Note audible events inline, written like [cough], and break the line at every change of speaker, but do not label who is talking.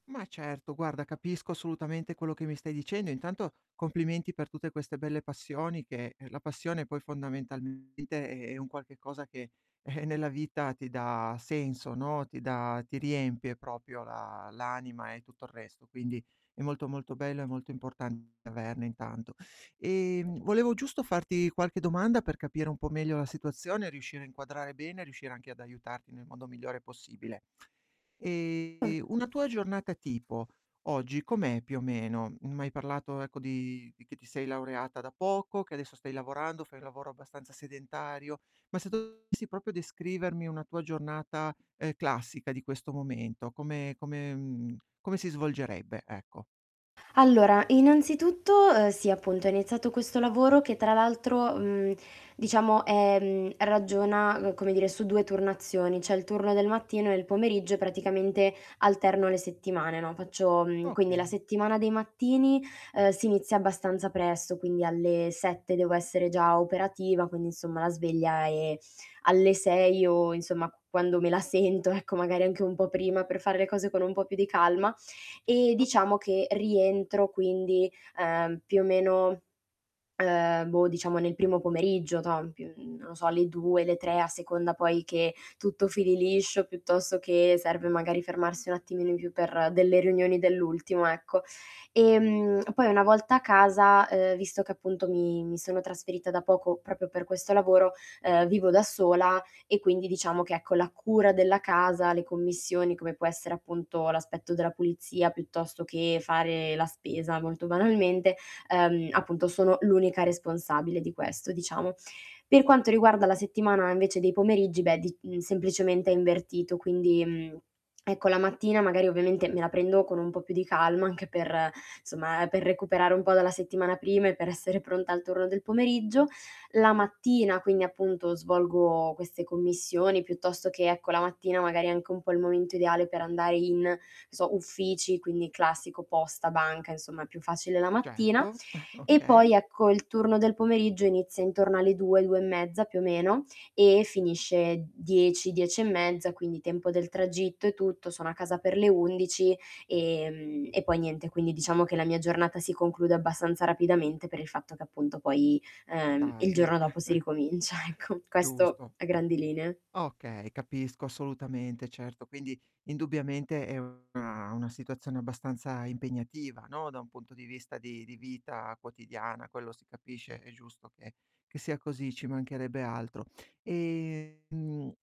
Ma certo, guarda, capisco assolutamente quello che mi stai dicendo e intanto complimenti per tutte queste belle passioni che la passione poi fondamentalmente è è un qualche cosa che, [chuckles] nella vita ti dà senso, no, ti dà ti riempie proprio la l'anima e tutto il resto, quindi è molto, molto bello e molto importante averne intanto. Ehm, volevo giusto farti qualche domanda per capire un po' meglio la situazione, riuscire a inquadrare bene, riuscire anche ad aiutarti nel modo migliore possibile. Ehm, una tua giornata
[unintelligible]
tipo oggi com'è più o meno? M'hai parlato ecco di di che ti sei laureata da poco, che adesso stai lavorando, fai un lavoro abbastanza sedentario, ma se dovessi proprio descrivermi una tua giornata, ehm, classica di questo momento, come come, mhmm, come si svolgerebbe, ecco.
Allora innanzitutto, uhm, sì appunto è iniziato questo lavoro che tra l'altro, mhmm, diciamo, ehm, ragiona, uhm, come dire su 2 turnazioni, c'è il turno del mattino e il pomeriggio praticamente alterno le settimane, no. Faccio mhmm, quindi la
Okay.
settimana dei mattini, ehm, si inizia abbastanza presto, quindi alle 7 devo essere già operativa, quindi insomma la sveglia è alle 6 o insomma quando me la sento ecco, magari anche un po' prima per fare le cose con un po' più di calma e
Certo.
diciamo che rientro quindi, ehm, più o meno, ehm, boh, diciamo nel primo pomeriggio, toh, in p non lo so alle 2, le 3 a seconda poi che tutto fili liscio, piuttosto che serve magari fermarsi un attimino in più per delle riunioni dell'ultimo, ecco. Ehm, poi una volta a casa, ehm, visto che appunto mi mi sono trasferita da poco proprio per questo lavoro, ehm, vivo da sola e quindi diciamo che ecco, la cura della casa, le commissioni come può essere appunto l'aspetto della pulizia piuttosto che fare la spesa molto banalmente, ehm, appunto sono l'unica responsabile di questo diciamo. Per quanto riguarda la settimana invece dei pomeriggi, beh d semplicemente è invertito quindi, mhmm, ecco la mattina magari ovviamente me la prendo con un po' più di calma anche per, somma, per recuperare un po' dalla settimana prima e per essere pronta al turno del pomeriggio. La mattina quindi, appunto, svolgo queste commissioni piuttosto che, ecco, la mattina magari è anche un po' il momento ideale per andare in, non so, uffici quindi classico posta, banca insomma è più facile la mattina
Certo, [chuckles]
e poi
okay.
ecco il turno del pomeriggio inizia intorno alle 2, 2 e mezza più o meno e finisce 10, 10 e mezza, quindi tempo del tragitto e tutto, sono a casa per le 11, ehm, e poi niente quindi diciamo che la mia giornata si conclude abbastanza rapidamente per il fatto che appunto poi,
È
ehm, il
tardi.
giorno dopo si
[chuckles]
ricomincia ecco, questo
Giusto.
a grandi linee.
Okay, capisco assolutamente, certo. Quindi indubbiamente è una una situazione abbastanza impegnativa, no, da un punto di vista di di vita quotidiana, quello si capisce, è giusto che che sia così, ci mancherebbe altro. Ehm